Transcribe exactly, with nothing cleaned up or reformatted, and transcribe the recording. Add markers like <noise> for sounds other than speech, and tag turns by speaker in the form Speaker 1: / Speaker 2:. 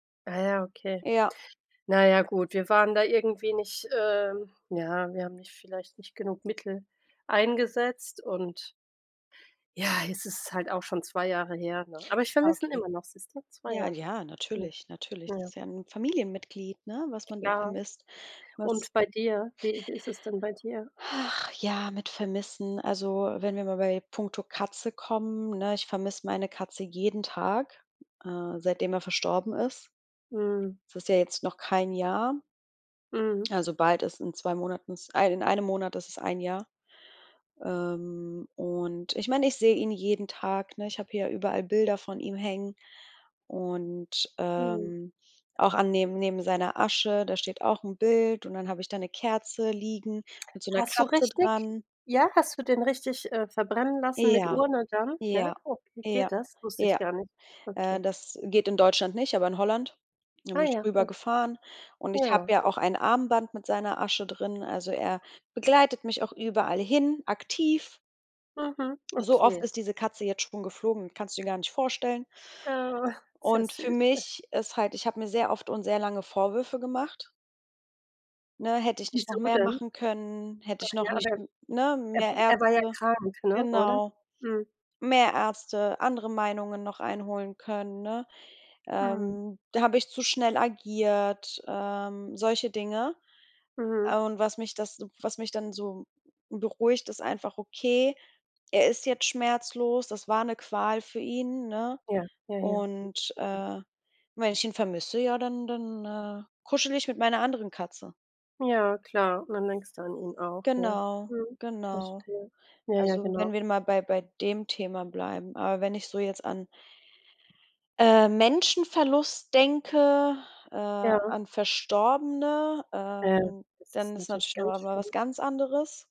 Speaker 1: Ah, ja, okay.
Speaker 2: Ja.
Speaker 1: Naja, gut, wir waren da irgendwie nicht, ähm ja, wir haben nicht vielleicht nicht genug Mittel eingesetzt und Ja, es ist halt auch schon zwei Jahre her, ne? Aber ich
Speaker 2: Ah,
Speaker 1: vermisse ihn
Speaker 2: okay.
Speaker 1: immer noch, siehste? zwei
Speaker 2: Ja,
Speaker 1: Jahre.
Speaker 2: ja,
Speaker 1: Mhm.
Speaker 2: natürlich, natürlich. Das
Speaker 1: Ja.
Speaker 2: ist ja 'n Familienmitglied, ne, was man da
Speaker 1: Klar.
Speaker 2: vermisst, was
Speaker 1: Und bei dir, wie wie ist es denn bei dir?
Speaker 2: <sighs> Ach ja, mit Vermissen. Also, wenn wir mal bei puncto Katze kommen, ne? Ich vermiss meine Katze jeden Tag, äh, seitdem er verstorben ist.
Speaker 1: Mhm.
Speaker 2: Es ist ja jetzt noch kein Jahr,
Speaker 1: Mhm.
Speaker 2: also bald ist in zwei Monaten, in ei in einem Monat ist es ein Jahr. Ähm, und ich meine, ich sehe ihn jeden Tag, ne? Ich habe hier überall Bilder von ihm hängen und,
Speaker 1: Mhm.
Speaker 2: ähm, auch an neben neben seiner Asche, da steht auch 'n Bild und dann habe ich da 'ne Kerze liegen mit so 'ner
Speaker 1: Hast du
Speaker 2: Katze
Speaker 1: richtig
Speaker 2: dran.
Speaker 1: ja, hast du den richtig, äh, verbrennen lassen mit
Speaker 2: Ja,
Speaker 1: Urne dann, ja?
Speaker 2: ja,
Speaker 1: Okay,
Speaker 2: ja,
Speaker 1: geht das? Wusste ich
Speaker 2: ja.
Speaker 1: gar nicht.
Speaker 2: Äh,
Speaker 1: Okay.
Speaker 2: das geht in Deutschland nicht, aber in Holland. Da bin
Speaker 1: Ah
Speaker 2: ich
Speaker 1: ja, okay.
Speaker 2: rübergefahren und ich habe
Speaker 1: Ja.
Speaker 2: ja auch ein Armband mit seiner Asche drin. Also, er begleitet mich auch überall hin aktiv.
Speaker 1: Mhm,
Speaker 2: So oft
Speaker 1: okay.
Speaker 2: ist diese Katze jetzt schon geflogen, kannst du dir gar nicht vorstellen.
Speaker 1: Oh, <chuckles> sehr
Speaker 2: Und für
Speaker 1: süß, echt. <chuckles>
Speaker 2: mich ist halt ich habe mir sehr oft und sehr lange Vorwürfe gemacht. Ne, hätte ich nicht noch
Speaker 1: Wieso
Speaker 2: mehr
Speaker 1: denn?
Speaker 2: machen können, hätte ich
Speaker 1: Ach
Speaker 2: noch
Speaker 1: ja,
Speaker 2: nicht
Speaker 1: aber,
Speaker 2: ne?
Speaker 1: er er
Speaker 2: Mehr
Speaker 1: wa er war ja
Speaker 2: Ärzte
Speaker 1: krank, ne? Oder?
Speaker 2: genau,
Speaker 1: Mhm.
Speaker 2: mehr Ärzte, andere Meinungen noch einholen können, ne?
Speaker 1: Ja.
Speaker 2: Ähm, da habe ich zu schnell agiert, ähm, solche Dinge.
Speaker 1: Mhm.
Speaker 2: Und was mich das was mich dann so beruhigt, ist einfach, okay, er ist jetzt schmerzlos, das war 'ne Qual für ihn, ne?
Speaker 1: Ja. Jaja, okay.
Speaker 2: Und,
Speaker 1: Mhm.
Speaker 2: äh, wenn ich ihn vermisse, ja dann dann, äh, kuschele ich mit meiner anderen Katze.
Speaker 1: Ja, klar, dann denkst du an ihn auch,
Speaker 2: Genau,
Speaker 1: mhm.
Speaker 2: genau.
Speaker 1: Verstehe. Jaja,
Speaker 2: Also,
Speaker 1: genau.
Speaker 2: wenn wir mal bei bei dem Thema bleiben. Aber wenn ich so jetzt an äh, Menschenverlust denke, äh,
Speaker 1: Ja.
Speaker 2: an Verstorbene,
Speaker 1: Ja,
Speaker 2: ähm,
Speaker 1: das
Speaker 2: dann
Speaker 1: ist
Speaker 2: ist
Speaker 1: natürlich
Speaker 2: natürlich noch
Speaker 1: ganz
Speaker 2: mal was
Speaker 1: schlimm.
Speaker 2: ganz anderes.